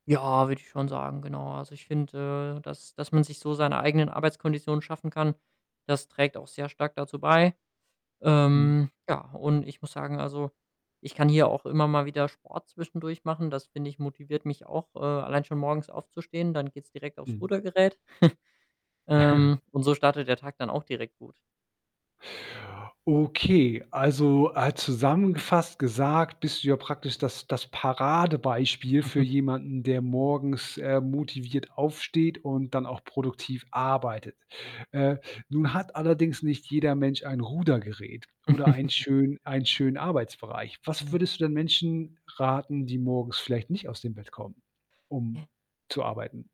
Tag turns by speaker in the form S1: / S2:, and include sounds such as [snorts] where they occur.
S1: Ja, würde ich schon sagen: „Genau.“ Also, ich finde, äh, das das man sich so seine eigenen Arbeitskonditionen schaffen kann. Das trägt auch sehr stark dazu bei,
S2: Mhm.
S1: ähm, ja, und ich muss sagen also, ich kann hier auch immer mal wieder Sport zwischendurch machen. Das, finde ich, motiviert mich auch, äh, allein schon morgens aufzustehen, dann geht's direkt aufs
S2: Mhm.
S1: Rudergerät. [snorts]
S2: [chuckles]
S1: Ähm, und so startet der Tag dann auch direkt gut.
S2: Okay, also, äh, zusammengefasst gesagt: „Bist du ja praktisch das das Paradebeispiel für
S1: [snorts]
S2: jemanden, der morgens, ähm, motiviert aufsteht und dann auch produktiv arbeitet.“ Äh, nun hat allerdings nicht jeder Mensch, ein Rudergerät, oder ein
S1: [snorts]
S2: schön einen schönen Arbeitsbereich. Was
S1: Mm.
S2: würdest du denn Menschen raten, die morgens vielleicht nicht aus dem Bett kommen, um
S1: J
S2: zu arbeiten?